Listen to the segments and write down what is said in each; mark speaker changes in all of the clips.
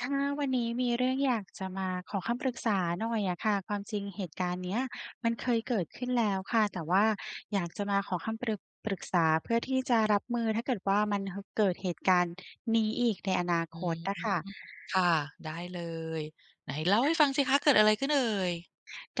Speaker 1: ค่ะ วันนี้มีเรื่องอยากจะมาขอคำปรึกษาหน่อยอะค่ะ ความจริงเหตุการณ์เนี้ยมันเคยเกิดขึ้นแล้วค่ะ แต่ว่าอยากจะมาขอคำ ปรึก ปรึกษาเพื่อที่จะรับมือ ถ้าเกิดว่า มัน ห เกิดเหตุการณ์นี้อีกในอนา
Speaker 2: อื
Speaker 1: ค
Speaker 2: ม
Speaker 1: ตอะค่ะ
Speaker 2: ค่ะ ได้เลย ไหนเล่าให้ฟังสิคะเกิดอะไรขึ้นเอ่ย?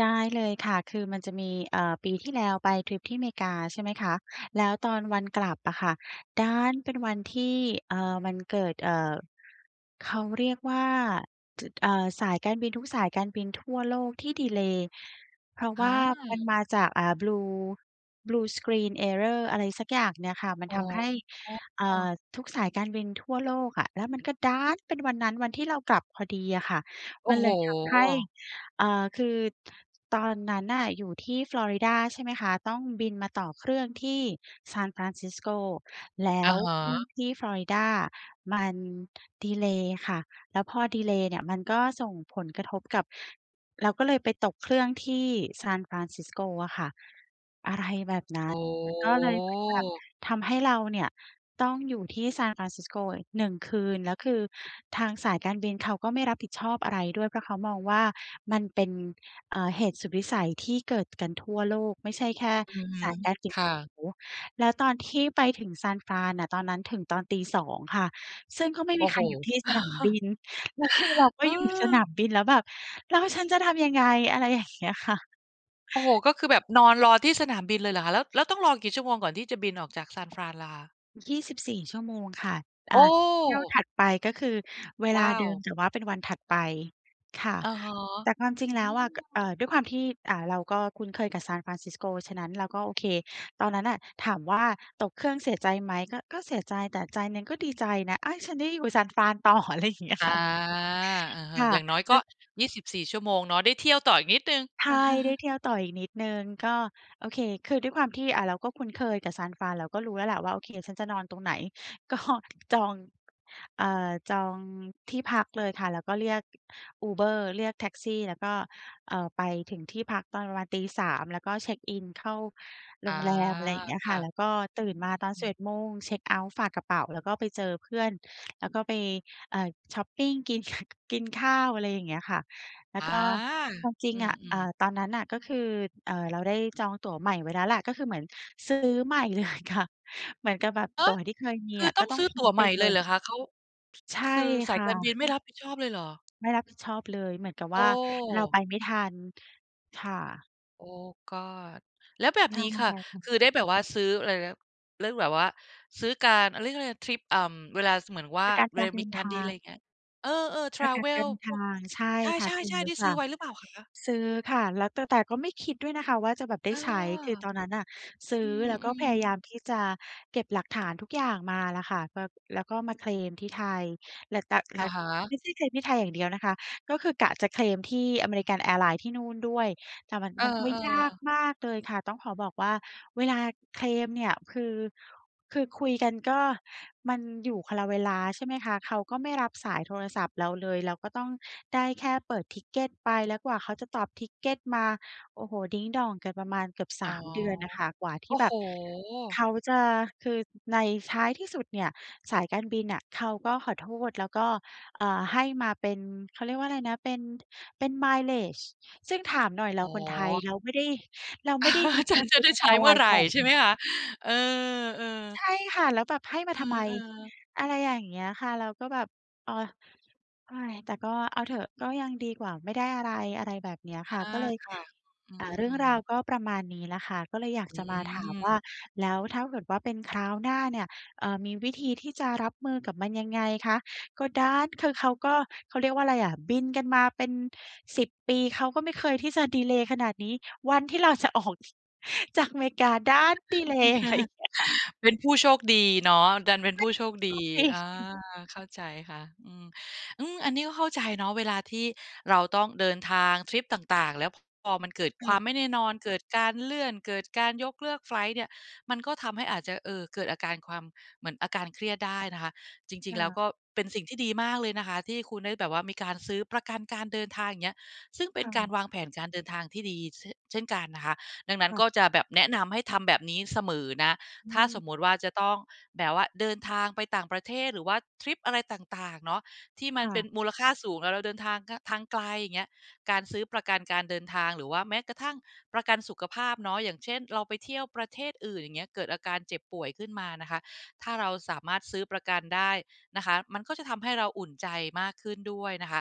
Speaker 1: ได้เลยค่ะ คือมันจะมี เอ่อ ปีที่แล้วไปทริปที่อเมริกา ใช่ไหมคะ แล้วตอนวันกลับอะค่ะ ดันเป็นวันที่ เอ่อ มันเกิด เอ่อ เขาเรียกว่า จ เอ่อ สายการบินทุกสายการบินทั่วโลกที่ดีเลย์ เพราะ
Speaker 2: อ
Speaker 1: ว่ามัน
Speaker 2: า
Speaker 1: มาจาก อ่า Blue blue screen error อะไรสักอย่างเนี่ยค่ะ มัน
Speaker 2: อ๋
Speaker 1: ทำให้ อ่
Speaker 2: อ
Speaker 1: า ทุกสายการบินทั่วโลกอะ แล้วมันก็ดันเป็นวันนั้น วันที่เรากลับพอดีอะค่ะ
Speaker 2: โอ
Speaker 1: ม
Speaker 2: ้
Speaker 1: ัน
Speaker 2: โ
Speaker 1: เ
Speaker 2: ฮ
Speaker 1: ลยทำให้ เอ่อ คือตอนนั้นน่ะอยู่ที่ฟลอริดา ใช่ไหมคะ ต้องบินมาต่อเครื่องที่ San Francisco แล้
Speaker 2: อะ
Speaker 1: ว
Speaker 2: ฮ
Speaker 1: เครื่อ
Speaker 2: ะ
Speaker 1: งที่ฟลอริดามันดีเลย์ค่ะ แล้วพอดีเลย์เนี่ยมันก็ส่งผลกระทบกับ เราก็เลยไปตกเครื่องที่ San Francisco อะค่ะ
Speaker 2: โอ
Speaker 1: อะไรแบบนั้น ก็เลยเหมือนแบบ
Speaker 2: ้
Speaker 1: ทำให้เราเนี่ยต้องอยู่ที่ San Francisco อีก 1 คืน แล้วคือทางสายการบินเขาก็ไม่รับผิดชอบอะไรด้วย เพราะเขามองว่า มันเป็น เอ่อ เหตุสุดวิสัยที่เกิดกันทั่วโลก ไม่ใช่แค่
Speaker 2: อือฮึ
Speaker 1: สายการบิ
Speaker 2: ค
Speaker 1: นเ
Speaker 2: ่
Speaker 1: ขา
Speaker 2: ะ
Speaker 1: โอ้โฮ แล้วตอนที่ไปถึง San Fran น่ะ ตอนนั้นถึงตอน 02:00 ค่ะ ซึ่งก็ไม่
Speaker 2: โอ
Speaker 1: มี
Speaker 2: ้
Speaker 1: ใค
Speaker 2: โฮ
Speaker 1: รอยู่ที่สนามบิน แล้วคือเราก็
Speaker 2: เ
Speaker 1: อยู่สนา
Speaker 2: ออ
Speaker 1: มบินแล้วแบบ "แล้วฉันจะทำยังไง?" อะไรอย่างเงี้ยค่ะ
Speaker 2: โอ้โฮ ก็คือแบบนอนรอที่สนามบินเลยเหรอคะ? แล้ว แล้วต้องรอกี่ชั่วโมงก่อนที่จะบินออกจากซานฟรานล่ะคะ?
Speaker 1: 24 ชั่วโมงค่ะ
Speaker 2: โ
Speaker 1: อา เที่ยว
Speaker 2: อ้
Speaker 1: ถัดไปก็คือเว
Speaker 2: ว
Speaker 1: ลา
Speaker 2: ้า
Speaker 1: เด
Speaker 2: ว
Speaker 1: ิม แต่ว่าเป็นวันถัดไปค่ะ
Speaker 2: อะฮะ
Speaker 1: แต่ความจริงแ
Speaker 2: อ
Speaker 1: ล
Speaker 2: ื
Speaker 1: ้วอะ ก เอ่
Speaker 2: ม
Speaker 1: อ ด้วยความที่ อ่า เราก็คุ้นเคยกับ San Francisco ฉะนั้นเราก็โอเค ตอนนั้นอะถามว่า ตกเครื่องเสียใจไหม ก็ ก็เสียใจแต่ใจหนึ่งก็ดีใจนะ อุ๊ย ฉันได้อยู่ San Fran ต่อ อะไรอย่างเงี้ย
Speaker 2: อา
Speaker 1: ค่ะ
Speaker 2: อือฮ
Speaker 1: ค
Speaker 2: ึ
Speaker 1: ่ะ
Speaker 2: อย่างน้อย
Speaker 1: แล
Speaker 2: ก
Speaker 1: ้
Speaker 2: ็
Speaker 1: ว
Speaker 2: 24 ชั่วโมงเนาะ ได้เที่ยวต่ออีกนิดหนึ่ง
Speaker 1: ใช่ ได้เที่ยวต่ออีกนิดหนึ่ง ก็ โอเค คือด้วยความที่ อ่า เราก็คุ้นเคยกับ San Fran เราก็รู้แล้วแหละว่า โอเค ฉันจะนอนตรงไหน ก็จอง เอ่อ จองที่พักเลยค่ะ แล้วก็เรียก Uber เรียกแท็กซี่ แล้วก็ เอ่อ ไปถึงที่พักตอนประมาณ 03:00 แล้วก็เช็กอิน เข้าโ
Speaker 2: อ
Speaker 1: ร
Speaker 2: า
Speaker 1: งแรม อะไรอย่างงี้
Speaker 2: ค
Speaker 1: ค
Speaker 2: ่
Speaker 1: ่
Speaker 2: ะ
Speaker 1: ะ แล้วก็
Speaker 2: อื
Speaker 1: ตื่
Speaker 2: อ
Speaker 1: นมาตอน
Speaker 2: ๆ อื
Speaker 1: สิบเ
Speaker 2: ม
Speaker 1: อ็ด โมง เช็กเอาต์ฝากกระเป๋า แล้วก็ไปเจอเพื่อน แล้วก็ไป อ่า ช็อปปิง กิน ข กินข้าว อะไรอย่างเงี้ยค่ะ แล้ว
Speaker 2: อา
Speaker 1: ก็ความจริ
Speaker 2: อ
Speaker 1: ง
Speaker 2: ื
Speaker 1: อะ เอ่อ
Speaker 2: ม ๆ
Speaker 1: ตอนนั้นน่ะก็คือ เอ่อ เราได้จองตั๋วใหม่ไว้แล้วแหละ ก็คือเหมือนซื้อใหม่ เลยค่ะ เหมือนกับแบบ
Speaker 2: ฮ
Speaker 1: ต
Speaker 2: ะ!
Speaker 1: ั๋วที่เคยมี
Speaker 2: คื
Speaker 1: อ
Speaker 2: อ
Speaker 1: ะ
Speaker 2: ต
Speaker 1: ก
Speaker 2: ้อ
Speaker 1: ็
Speaker 2: ง
Speaker 1: ต้อ
Speaker 2: ซ
Speaker 1: ง
Speaker 2: ื้อ
Speaker 1: ทิ
Speaker 2: ต
Speaker 1: ้
Speaker 2: ั
Speaker 1: ง
Speaker 2: ๋วใ
Speaker 1: ไป
Speaker 2: หม่
Speaker 1: เล
Speaker 2: เลย
Speaker 1: ย
Speaker 2: เหรอคะ? เขา
Speaker 1: ใช่
Speaker 2: คือส
Speaker 1: ค
Speaker 2: าย
Speaker 1: ่
Speaker 2: การบิ
Speaker 1: ะ
Speaker 2: นไม่รับผิดชอบเลยเหรอ?
Speaker 1: ไม่รับผิดชอบเลย เหมือนกับ
Speaker 2: โอ
Speaker 1: ว
Speaker 2: ้
Speaker 1: ่าเราไปไม่ทัน ค่ะ
Speaker 2: Oh God! แล้วแบบ
Speaker 1: ท
Speaker 2: นี
Speaker 1: า
Speaker 2: ้
Speaker 1: งมั
Speaker 2: ค
Speaker 1: น
Speaker 2: ่ะ
Speaker 1: ไกลค่ะ
Speaker 2: คือได้แบบว่าซื้ออะไรนะ เรื่องแบบว่า ซื้อการ อ เรียกอะไร ทริป เอ่อ เวลา ส เหมือนว่า
Speaker 1: ประกัน
Speaker 2: เว
Speaker 1: ก
Speaker 2: ล
Speaker 1: า
Speaker 2: า
Speaker 1: รเด
Speaker 2: ม
Speaker 1: ิ
Speaker 2: ี
Speaker 1: น
Speaker 2: การ
Speaker 1: ท
Speaker 2: ดี
Speaker 1: า
Speaker 2: อะไร
Speaker 1: ง
Speaker 2: อย่างเงี้ย เออ ๆ แท
Speaker 1: ป
Speaker 2: ร
Speaker 1: ระกั
Speaker 2: เว
Speaker 1: นกา
Speaker 2: ล
Speaker 1: รเดิน
Speaker 2: พ
Speaker 1: ท
Speaker 2: วก
Speaker 1: าง ใช่
Speaker 2: ใ
Speaker 1: ค่
Speaker 2: ช
Speaker 1: ะ ซื้
Speaker 2: ่
Speaker 1: อ
Speaker 2: ๆ ๆ ได้
Speaker 1: ค
Speaker 2: ซื
Speaker 1: ่
Speaker 2: ้อ
Speaker 1: ะ
Speaker 2: ไว้หรือเปล่าคะ?
Speaker 1: ซื้อค่ะ แล้วแต่ แต่ก็ไม่คิดด้วยนะคะว่า จะแบบไ
Speaker 2: เ
Speaker 1: ด
Speaker 2: อ
Speaker 1: ้
Speaker 2: อ
Speaker 1: ใช้ คือตอนนั้นอะ ซื
Speaker 2: อ
Speaker 1: ้
Speaker 2: ื
Speaker 1: อแล้วก็พ
Speaker 2: ม
Speaker 1: ยา
Speaker 2: ๆ
Speaker 1: ยาม ที่จะเก็บหลักฐานทุกอย่างมาล่ะค่ะ แบบ แล้วก็มาเคลมที่ไทย แล้วแต่ แ
Speaker 2: อ
Speaker 1: ล้
Speaker 2: ะ
Speaker 1: ว
Speaker 2: ฮ
Speaker 1: ไ
Speaker 2: ะ
Speaker 1: ม่ใช่เคลมที่ไทยอย่างเดียวนะคะ ก็คือกะจะเคลมที่ American Airline ที่นู่นด้วย แต่มัน
Speaker 2: เออ
Speaker 1: มันก็ยาก
Speaker 2: ๆ
Speaker 1: มากเลยค่ะ ต้องขอบอกว่า เวลาเคลมเนี่ย คือ คือคุยกันก็ มันอยู่คนละเวลา ใช่ไหมคะ? เขาก็ไม่รับสายโทรศัพท์เราเลย เราก็ต้องได้แค่เปิด Ticket ไป แล้วกว่าเขาจะตอบ Ticket มา โอ้โฮ ดิ้งด่องกันประมาณเกือบ ส
Speaker 2: อ๋อ
Speaker 1: าม เดือนอะค่ะ กว่าท
Speaker 2: โอ
Speaker 1: ี่
Speaker 2: ้
Speaker 1: แบ
Speaker 2: โฮ
Speaker 1: บเขาจะ คือในท้ายที่สุดเนี่ย สายการบินน่ะเขาก็ขอโทษ แล้วก็ เอ่อ ให้มาเป็น เขาเรียกว่าอะไรนะ เป็น เป็น Mileage ซึ่งถามหน่อย เรา
Speaker 2: อ๋
Speaker 1: คนไทย
Speaker 2: อ
Speaker 1: เราไม่ได้ เราไม่ได้บิน
Speaker 2: ฉันจะได้
Speaker 1: American
Speaker 2: ใช้เมื่อ
Speaker 1: Airline
Speaker 2: ไร
Speaker 1: บ่อย
Speaker 2: ใช่
Speaker 1: นี
Speaker 2: ไห
Speaker 1: ่
Speaker 2: มคะ? เออ ๆ
Speaker 1: ใช่ค่ะ แล้วแบบให้มา
Speaker 2: เอ
Speaker 1: ทำไม?
Speaker 2: อ ๆ
Speaker 1: อะไรอย่างเงี้ยค่ะ แล้วก็แบบ โอ๊ย โอ๊ย แต่ก็เอาเถอะ ก็ยังดีกว่าไม่ได้อะไร อะไรแบบเนี้ย
Speaker 2: อ
Speaker 1: ค
Speaker 2: า
Speaker 1: ่ะ ก็เลย
Speaker 2: ค่ะ อื
Speaker 1: อ่า เรื่อง
Speaker 2: ม
Speaker 1: ราว
Speaker 2: ๆ
Speaker 1: ก็ประมาณนี้แหละค่ะ ก็เลยอยาก
Speaker 2: อื
Speaker 1: จะมาถามว่า
Speaker 2: ม
Speaker 1: แล้วถ้าเกิดว่าเป็นคราวหน้าเนี่ย เอ่อ มีวิธีที่จะรับมือกับมันยังไงคะ? ก็ดัน คือเขาก็ เขาเรียกว่าอะไรอะ บินกันมาเป็น 10 ปี เขาก็ไม่เคยที่จะดีเลย์ขนาดนี้ วันที่เรา จะออกจากอเมริกา ดันดีเลย์ อะไรอย่างเงี้ยค่ะ
Speaker 2: เป็นผู้โชคดีเนาะ ดันเป็นผู้โชคด
Speaker 1: โช
Speaker 2: ี
Speaker 1: คด
Speaker 2: อา
Speaker 1: ี
Speaker 2: เข้าใจค่ะ อืม อืม อันนี้ก็เข้าใจเนาะ เวลาที่เราต้องเดินทางทริปต่าง ๆ แล้วพอมันเกิด
Speaker 1: อื
Speaker 2: ความ
Speaker 1: อ
Speaker 2: ไม่แน่นอน เกิดการเลื่อน เกิดการยกเลิกไฟลต์เนี่ย มันก็ทำให้อาจจะ เอ่อ เกิดอาการความ เหมือนอาการเครียดได้นะคะ จริ
Speaker 1: ค
Speaker 2: ง ๆ
Speaker 1: ่
Speaker 2: แล้ว
Speaker 1: ะ
Speaker 2: ก็เป็นสิ่งที่ดีมากเลยนะคะ ที่คุณได้แบบว่า มีการซื้อประกันการเดินทาง อย่างเงี้ย ซึ่งเป็
Speaker 1: ค
Speaker 2: น
Speaker 1: ่
Speaker 2: กา
Speaker 1: ะ
Speaker 2: รวางแผนการเดินทางที่ดี เช่ เช่นกันนะคะ ดังนั้
Speaker 1: ค
Speaker 2: น
Speaker 1: ่
Speaker 2: ก
Speaker 1: ะ
Speaker 2: ็จะแบบแนะนำให้ทำแบบนี้เสมอนะ
Speaker 1: อ
Speaker 2: ถ้
Speaker 1: ื
Speaker 2: าสม
Speaker 1: ม
Speaker 2: มติว่า จะต้องแบบว่า เดินทางไปต่างประเทศ หรือว่าทริปอะไรต่าง ๆ เนาะ ที่มั
Speaker 1: ค
Speaker 2: น
Speaker 1: ่
Speaker 2: เป็
Speaker 1: ะ
Speaker 2: นมูลค่าสูง แล้วเราเดินทาง ง ทางไกล อย่างเงี้ย การซื้อประกันการเดินทาง หรือว่าแม้กระทั่งประกันสุขภาพเนาะ อย่างเช่น เราไปเที่ยวประเทศอื่น อย่างเงี้ย เกิดอาการเจ็บป่วยขึ้นมานะคะ ถ้าเราสามารถซื้อประกันได้นะคะ มันก็จะทำให้เราอุ่นใจมากขึ้นด้วยนะคะ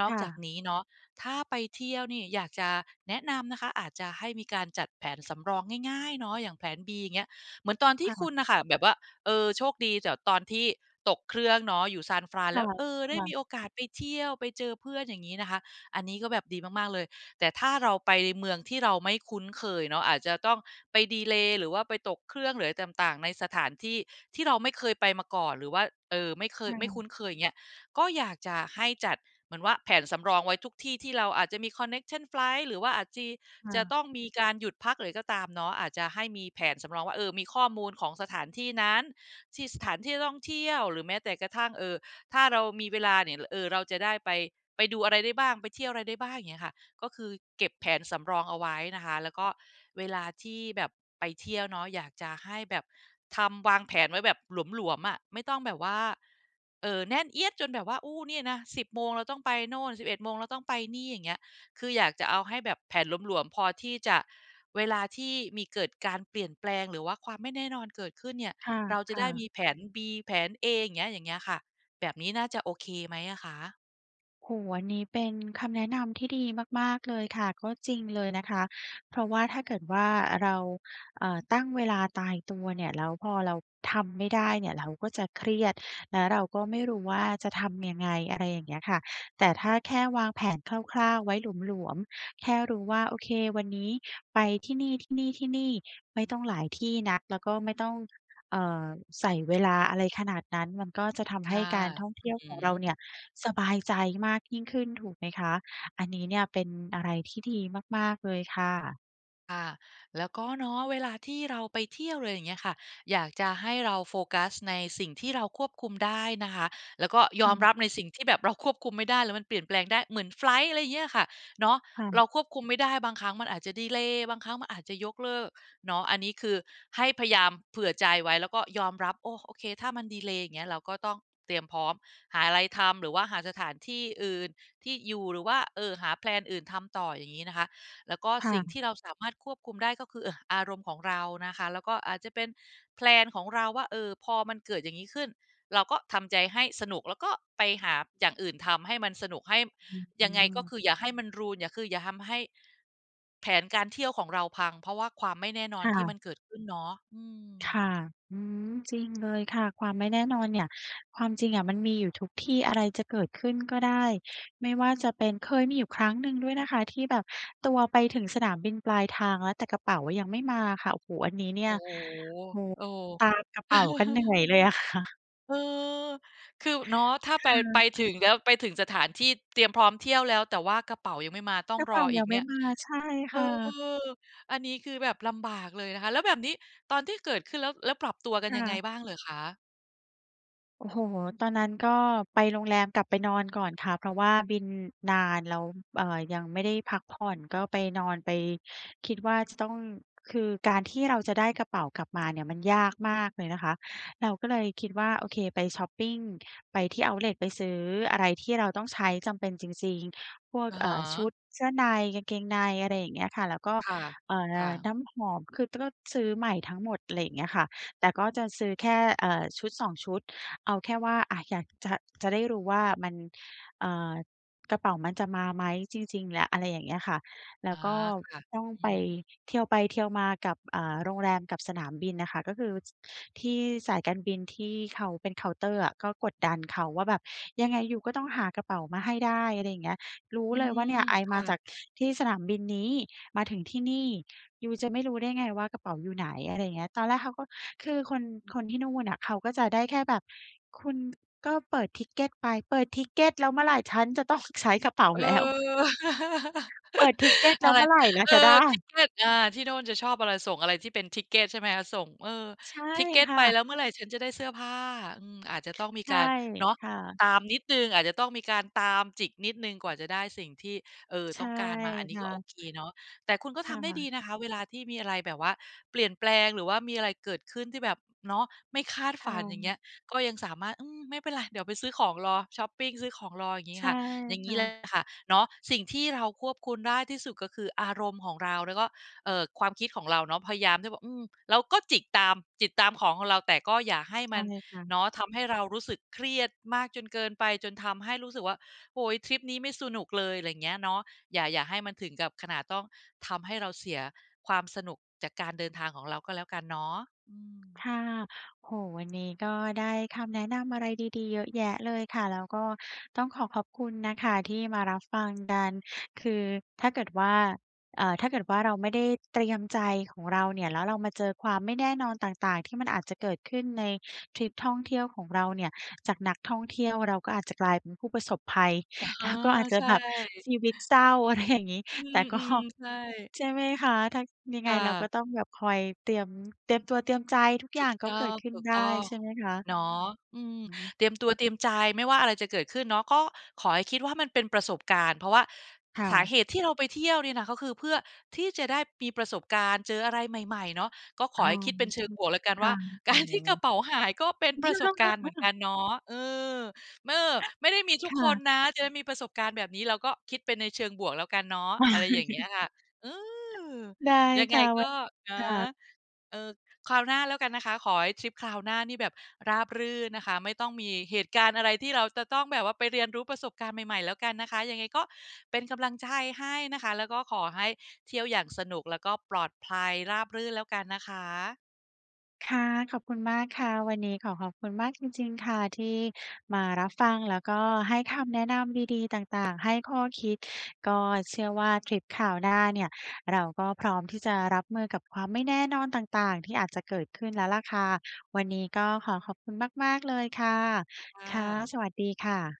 Speaker 2: นอ
Speaker 1: ค
Speaker 2: ก
Speaker 1: ่
Speaker 2: จาก
Speaker 1: ะ
Speaker 2: นี้เนาะ ถ้าไปเที่ยวนี่ อยากจะแนะนำนะคะ อาจจะให้มีการจัดแผนสำรองง่าย ๆ เนาะ อย่างแผน B อย่างเงี้ย เหมือนตอนที
Speaker 1: ค
Speaker 2: ่ค
Speaker 1: ่ะ
Speaker 2: ุณน่ะค่ะ แบบว่า เอ่อ โชคดีจากตอนที่ตกเครื่องเนาะ อยู่ San
Speaker 1: ค
Speaker 2: Frans แล
Speaker 1: ่
Speaker 2: ้
Speaker 1: ะ
Speaker 2: ว เอ่อ ไ
Speaker 1: ค
Speaker 2: ด้
Speaker 1: ่
Speaker 2: มี
Speaker 1: ะ
Speaker 2: โอกาสไปเที่ยว ไปเจอเพื่อน อย่างงี้นะคะ อันนี้ก็แบบดีมาก ๆ เลย แต่ถ้าเราไปเมืองที่เราไม่คุ้นเคยเนาะ อาจจะต้องไปดีเลย์ หรือว่าไปตกเครื่อง หรืออะไรต่าง ๆ ในสถานที่ที่เราไม่เคยไปมาก่อน หรือว่า เอ่อ ไม่เคย
Speaker 1: ค่
Speaker 2: ไม่
Speaker 1: ะ
Speaker 2: คุ้นเคยเงี้ย ก็อยากจะให้จัด เหมือนว่าแผนสำรองไว้ทุกที่ที่เราอาจจะมี Connection Flight หรือว่าอาจจะ-
Speaker 1: ค่
Speaker 2: จะ
Speaker 1: ะ
Speaker 2: ต้องมีการหยุดพัก หรืออะไรก็ตามเนาะ อาจจะให้มีแผนสำรองว่า เอ่อ มีข้อมูลของสถานที่นั้น ที่ สถานที่ท่องเที่ยว หรือแม้แต่กระทั่ง เอ่อ ถ้าเรามีเวลาเนี่ย ล เอ่อ เราจะได้ไป ไปดูอะไรได้บ้าง ไปเที่ยวอะไรได้บ้าง อย่างเงี้ยค่ะ ก็คือเก็บแผนสำรองเอาไว้นะคะ แล้วก็เวลาที่แบบไปเที่ยวเนาะ อยากจะให้แบบ ทำ วางแผนไว้แบบหลวม ๆ อะ ไม่ต้องแบบว่า เอ่อ แน่นเอี๊ยด จนแบบว่า โอ้ เนี่ยนะ 10 โมง เราต้องไปโน่น 11 โมง เราต้องไปนี่ อย่างเงี้ย คืออยากจะเอาให้แบบแผนหลวม ๆ พอที่จะ เวลาที่มีเกิดการเปลี่ยนแปลง หรือว่าความไม่แน่นอนเกิดขึ้นเนี่ย
Speaker 1: ค
Speaker 2: เราจะได
Speaker 1: ่
Speaker 2: ้
Speaker 1: ะ
Speaker 2: ม
Speaker 1: ๆ
Speaker 2: ีแผน B แผน A อย่างเงี้ย อย่างเงี้ยค่ะ แบบนี้น่าจะโอเคไหมอะคะ?
Speaker 1: โอ้โฮ อันนี้เป็นคำแนะนำที่ดีมาก ๆ เลยค่ะ ก็จริงเลยนะคะ เพราะว่าถ้าเกิดว่า เรา อ่า ตั้งเวลาตายตัวเนี่ย แล้วพอเราทำไม่ได้เนี่ยเราก็จะเครียด แล้วเราก็ไม่รู้ว่า จะทำยังไง อะไรอย่างเงี้ยค่ะ แต่ถ้าแค่วางแผนคร่าว ๆ ไว้หลวม ๆ แค่รู้ว่า โอเค วันนี้ ไปที่นี่ ๆ ๆ ไม่ต้องหลายที่นัก แล้วก็ไม่ต้อง เอ่อ ใส่เวลาอะไรขนาดนั้น มันก็จะท
Speaker 2: ค
Speaker 1: ำให้
Speaker 2: ่ะ
Speaker 1: การท่องเท
Speaker 2: อื
Speaker 1: ี่
Speaker 2: อ
Speaker 1: ยว
Speaker 2: ฮ
Speaker 1: ของเรา
Speaker 2: ึ
Speaker 1: เนี่ยสบายใจมากยิ่งขึ้น ถูกไหมคะ? อันนี้เนี่ยเป็นอะไรที่ดีมาก ๆ เลยค่ะ
Speaker 2: ค่ะ แล้วก็ เนาะ เวลาที่เราไปเที่ยวหรือไรอย่างเงี้ยค่ะ อยากจะให้เราโฟกัสในสิ่งที่เราควบคุมได้นะคะ แล้วก็ย
Speaker 1: ค่
Speaker 2: อม
Speaker 1: ะ
Speaker 2: รับในสิ่งที่แบบเราควบคุมไม่ได้ แล้วมันเปลี่ยนแปลงได้ เหมือนไฟลต์ อะไรเงี้ยค่ะ เนาะ
Speaker 1: ค่
Speaker 2: เรา
Speaker 1: ะ
Speaker 2: ควบคุมไม่ได้ บางครั้งมันอาจจะดีเลย์ บางครั้งมันอาจจะยกเลิก เนาะ อันนี้คือให้พยายามเผื่อใจไว้ แล้วก็ยอมรับ โอ้ โอเค ถ้ามันดีเลย์ อย่างเงี้ย เราก็ต้องเตรียมพร้อม หาอะไรทำ หรือว่าหาสถานที่อื่น ที่อยู่ หรือว่า เออ หา แพลน อื่นทำต่อ อย่างงี้นะคะ แล้วก็
Speaker 1: ค่
Speaker 2: สิ่งท
Speaker 1: ะ
Speaker 2: ี่เราสามารถควบคุมได้ก็คือ เอ่อ อารมณ์ของเรานะคะ แล้วก็อาจจะเป็น แพลน ของเราว่า เออ พอมันเกิดอย่างนี้ขึ้น เราก็ทำใจให้สนุก แล้วก็ไปหาอย่างอื่นทำให้มันสนุก ให้ บ
Speaker 1: อื
Speaker 2: ยังไง ก็ค
Speaker 1: ม
Speaker 2: ืออย่าให้มัน รูอิน อย่า คืออย่าทำให้ แผนการเที่ยวของเราพัง เพราะว่าความไม่แน่นอ
Speaker 1: ค
Speaker 2: น
Speaker 1: ่
Speaker 2: ที่มั
Speaker 1: ะ
Speaker 2: นเกิดขึ้นเนาะ อืม
Speaker 1: ค่ะ อืม จริงเลยค่ะ ความไม่แน่นอนเนี่ย ความจริงอะมันมีอยู่ทุกที่ อะไรจะเกิดขึ้นก็ได้ ไม่ว่าจะเป็น เคยมีอยู่ครั้งหนึ่งด้วยนะคะที่แบบตัวไปถึงสนามบินปลายทางแล้ว แต่กระเป๋าอะยังไม่มาอะค่ะ โอ้โฮ อันนี้เนี่
Speaker 2: โอ
Speaker 1: ย
Speaker 2: ้โ
Speaker 1: โอ้
Speaker 2: ฮ เออ
Speaker 1: ตามกระเป๋ากันเหนื่อยเลย อะค่ะ
Speaker 2: เออ คือ อ เนาะ ถ้า ไ
Speaker 1: ค
Speaker 2: ป
Speaker 1: ่
Speaker 2: ไป
Speaker 1: ะ
Speaker 2: ถึงแล้ว ไปถึงสถานที่เตรียมพร้อมเที่ยวแล้ว แต่ว่ากระเป๋ายังไม่มา ต้อ
Speaker 1: ก
Speaker 2: ง
Speaker 1: ระเ
Speaker 2: ร
Speaker 1: ป
Speaker 2: อ
Speaker 1: ๋า
Speaker 2: อ
Speaker 1: ย
Speaker 2: ี
Speaker 1: ั
Speaker 2: ก
Speaker 1: งไ
Speaker 2: เ
Speaker 1: ม
Speaker 2: นี
Speaker 1: ่
Speaker 2: ่ย
Speaker 1: มา ใช่
Speaker 2: เอ
Speaker 1: ค
Speaker 2: อ
Speaker 1: ่ะ
Speaker 2: อันนี้คือแบบลำบากเลยนะคะ แล้วแบบนี้ ตอนที่เกิดขึ้นแล้ว แล้วปรับตัวกัน
Speaker 1: ค่
Speaker 2: ยังไง
Speaker 1: ะ
Speaker 2: บ้างเหรอคะ?
Speaker 1: โอ้โฮ! ตอนนั้นก็ไปโรงแรมกลับไปนอนก่อนค่ะ เพราะว่าบินนานแล้ว เอ่อ ยังไม่ได้พักผ่อน ก็ไปนอน ไปคิดว่าจะต้อง คือการที่เราจะได้กระเป๋ากลับ มาเนี่ยมันยากมากเลยนะคะ เราก็เลยคิดว่า โอเค ไปช็อปปิง ไปที่เอาต์เลต ไปซื้ออะไรที่เราต้องใช้ จำเป็นจริง ๆ พวก
Speaker 2: อะ
Speaker 1: เ
Speaker 2: ฮ
Speaker 1: อ่อ ช
Speaker 2: ะ
Speaker 1: ุดเสื้อใน กางเกงใน อะไรอย่างเงี้ยค่ะ แล้วก็
Speaker 2: ค่ะ
Speaker 1: เอ่
Speaker 2: ค่
Speaker 1: อ
Speaker 2: ะ
Speaker 1: น้ำหอม คือ ต ก็ซื้อใหม่ทั้งหมด อะไรอย่างเงี้ยค่ะ แต่ก็จะซื้อแค่ เอ่อ ชุดสองชุด เอาแค่ว่า อ่า อยากจะ จะได้รู้ว่ามัน อ่า กระเป๋ามันจะมาไหมจริง ๆ ล อะไรอย่างเงี้ยค่ะ แล้
Speaker 2: อ
Speaker 1: ว
Speaker 2: า
Speaker 1: ก็
Speaker 2: ค่ะ
Speaker 1: ต้อง
Speaker 2: อื
Speaker 1: ไป
Speaker 2: อฮึ
Speaker 1: เทียวไปเทียวมากับ อ่า โรงแรมกับสนามบินอะค่ะ ก็คือ ส ที่สายการบินที่เขาเป็นเคาน์เตอร์อะ ก็กดดันเขาว่าแบบ "ยังไงยูก็ต้องหากระเป๋ามาให้ได้" อะไรอย่างเนี้ย "รู้
Speaker 2: อื
Speaker 1: เลยว่า
Speaker 2: ม
Speaker 1: เนี่ยไอ
Speaker 2: ค
Speaker 1: ม
Speaker 2: ่
Speaker 1: าจ
Speaker 2: ะ
Speaker 1: ากที่สนามบินนี้ มาถึงที่นี่ ยูจะไม่รู้ได้ไงว่ากระเป๋าอยู่ไหน" อะไรอย่างเงี้ย ตอนแรกเขาก็ คือคน คนที่นู่นอะ เขาก็จะได้แค่แบบ "คุณ ก็เปิด Ticket ไป" เปิด Ticket แล้วเมื่อไร ฉันจะต้องใช้กระเป๋า
Speaker 2: เออ
Speaker 1: แล้ว เปิด Ticket แล
Speaker 2: อ
Speaker 1: ้
Speaker 2: ะ
Speaker 1: ว
Speaker 2: ไ
Speaker 1: เ
Speaker 2: ร
Speaker 1: มื่อไรเรา
Speaker 2: เอ
Speaker 1: จะได
Speaker 2: อ
Speaker 1: ้?
Speaker 2: Ticket อา ที่โน่นจะชอบอะไร ส่งอะไรที่เป็น Ticket ใช่ไหมคะ ส่ง เออ
Speaker 1: ใช่
Speaker 2: Ticket
Speaker 1: ค่
Speaker 2: ไปแ
Speaker 1: ะ
Speaker 2: ล้วเมื่อไรฉันจะได้เสื้อผ้า อืม อาจจะต้องมี
Speaker 1: ใช่
Speaker 2: การ เนาะ
Speaker 1: ค่ะ
Speaker 2: ตามนิดหนึ่ง อาจจะต้องมีการตามจิกนิดหนึ่งกว่าจะได้สิ่งที่ เอ่อ
Speaker 1: ใช
Speaker 2: ต้
Speaker 1: ่
Speaker 2: องการมา อันน
Speaker 1: ค
Speaker 2: ี้
Speaker 1: ่
Speaker 2: ก
Speaker 1: ะ
Speaker 2: ็โอเคเนาะ แต่คุณก็
Speaker 1: ค
Speaker 2: ท
Speaker 1: ่
Speaker 2: ำได้ดี
Speaker 1: ะ
Speaker 2: นะคะเวลาที่มีอะไรแบบว่าเปลี่ยนแปลง หรือว่ามีอะ ไรเกิดขึ้นที่แบบ เนาะ ไม่คาด
Speaker 1: ค
Speaker 2: ฝ
Speaker 1: ่
Speaker 2: ัน อย่างเงี้
Speaker 1: ะ
Speaker 2: ย ก็ยังสามารถ "อืม ไม่เป็นไร เดี๋ยวไปซื้อของรอ ช็อปปิง ซื้อของรอ" อย่างง
Speaker 1: ใ
Speaker 2: ี้
Speaker 1: ช่
Speaker 2: ค่ะ อย่าง
Speaker 1: ค
Speaker 2: ง
Speaker 1: ่
Speaker 2: ี้แหละ
Speaker 1: ะ
Speaker 2: ค่ะ เนาะ สิ่งที่เราควบคุณได้ที่สุดก็คืออารมณ์ของเรา แล้วก็ เอ่อ ความคิดของเราเนาะ พยายามที่จะแบบ อืม เราก็จิกตาม จิตตามของของเรา แต่ก็ อย่าให้
Speaker 1: ใช
Speaker 2: มั
Speaker 1: ่
Speaker 2: น
Speaker 1: ค่ะ
Speaker 2: เนาะ ทำให้เรารู้ สึกเครียดมากจนเกินไป จนทำให้รู้สึกว่า โอ๊ย! ทริปนี้ไม่สนุกเลย อะไรอย่างเงี้ยเนาะ อย่า อย่าให้มันถึงกับขนาดต้องทำให้เราเสียความสนุกจากการเดินทางของเราก็แล้วกันเนาะ อื
Speaker 1: ค
Speaker 2: ม
Speaker 1: ่ะ โอ้โฮ! วันนี้ก็ได้คำแนะนำอะไรดี ๆ เยอะแยะเลยค่ะ แล้วก็ต้องขอขอบคุณนะคะที่มารับ ฟังกัน คือถ้าเกิดว่า เอ่อ ถ้าเกิดว่าเราไม่ได้เตรียมใจของเราเนี่ย แล้วเรามาเจอความไม่แน่นอนต่าง ๆ ที่มันอาจจะเกิดขึ้นในทริปท่องเที่ยวของเราเนี่ย จากนักท่องเที่ยวเราก็อาจจะกลายเป็นผู้ประสบภัย
Speaker 2: อ๋อ
Speaker 1: แล้วก็อาจจะ
Speaker 2: ใช
Speaker 1: แบบ
Speaker 2: ่
Speaker 1: ชีวิตเศร้า อะไรอย่างงี้
Speaker 2: อื
Speaker 1: แต่ก็
Speaker 2: ม ๆ ใช่
Speaker 1: ใช่ไหมคะ ถ้า ยังไ
Speaker 2: ค
Speaker 1: ง
Speaker 2: ่
Speaker 1: เราก็
Speaker 2: ะ
Speaker 1: ต้องแบบคอยเตรียม เตรียมตัวเตรียมใจ ทุกอ
Speaker 2: ถ
Speaker 1: ย
Speaker 2: ู
Speaker 1: ่า
Speaker 2: ก
Speaker 1: ง ก็
Speaker 2: ต
Speaker 1: เก
Speaker 2: ้
Speaker 1: ิดขึ้นได้
Speaker 2: อง
Speaker 1: ใช่ไหมคะ?
Speaker 2: ๆ เนาะ อืม
Speaker 1: อืม
Speaker 2: เตรียมตัวเตรียมใจ ไม่ว่าอะไรจะเกิดขึ้นเนาะ ก็ขอให้คิดว่ามันเป็นประสบการณ์ เพราะว่า ห
Speaker 1: ค่
Speaker 2: สา
Speaker 1: ะ
Speaker 2: เหตุที่เราไปเที่ยวเนี่ยนะ ก็คือเพื่อที่จะได้มีประสบการณ์ เจออะไรใหม่ ๆ เนาะ ก็ข
Speaker 1: อ
Speaker 2: อ
Speaker 1: ๋อ
Speaker 2: ให้คิดเป็นเชิงบวกแล้วกัน
Speaker 1: ค
Speaker 2: ว
Speaker 1: ่
Speaker 2: ่
Speaker 1: ะ
Speaker 2: า
Speaker 1: อ
Speaker 2: ก
Speaker 1: ๋อ
Speaker 2: าร ที่กระเป๋าหายก็เป็นประสบการณ์เหมือนกันเนาะ เออ ม เออ ไม่ได้มีทุ
Speaker 1: ค
Speaker 2: ก
Speaker 1: ่
Speaker 2: คน
Speaker 1: ะ
Speaker 2: นะ จะได้มีประสบการณ์แบบนี้เราก็คิดเป็นในเชิงบวกแล้วกันเนาะ อะไรอย่างเงี้ยค่ะ อืม
Speaker 1: ได้
Speaker 2: ยัง
Speaker 1: ค
Speaker 2: ไง
Speaker 1: ่ะ ส
Speaker 2: ก
Speaker 1: วั
Speaker 2: ็
Speaker 1: สดี
Speaker 2: นะ
Speaker 1: ค่ะ
Speaker 2: เออ คราวหน้าแล้วกันนะคะ ขอให้ทริปคราวหน้านี่แบบราบรื่นนะคะ ไม่ต้องมีเหตุการณ์อะไรที่เราจะต้องแบบว่าไปเรียนรู้ประสบการณ์ใหม่ ๆ แล้วกันนะคะ ยังไงก็เป็นกำลังใจให้นะคะ แล้วก็ขอให้เที่ยวอย่าง สนุกแล้วก็ปลอดภัย ราบรื่นแล้วกันนะคะ
Speaker 1: ค่ะ ขอบคุณมากค่ะ วันนี้ขอขอบคุณมากจริง ๆ ค่ะที่มารับฟังแล้วก็ให้คำแนะนำดี ๆ ต่าง ๆ ให้ข้อคิด ก็เชื่อว่าทริปคราวหน้าเนี่ยเราก็พร้อมที่จะรับมือกับความไม่แน่นอนต่าง ๆ ที่อาจจะเกิดขึ้นแล้วแหละค่ะ วันนี้ก็ขอขอบคุณมาก ๆ เลยค่ะ
Speaker 2: ค่
Speaker 1: ค่ะ
Speaker 2: ะ
Speaker 1: สวัสดีค่ะ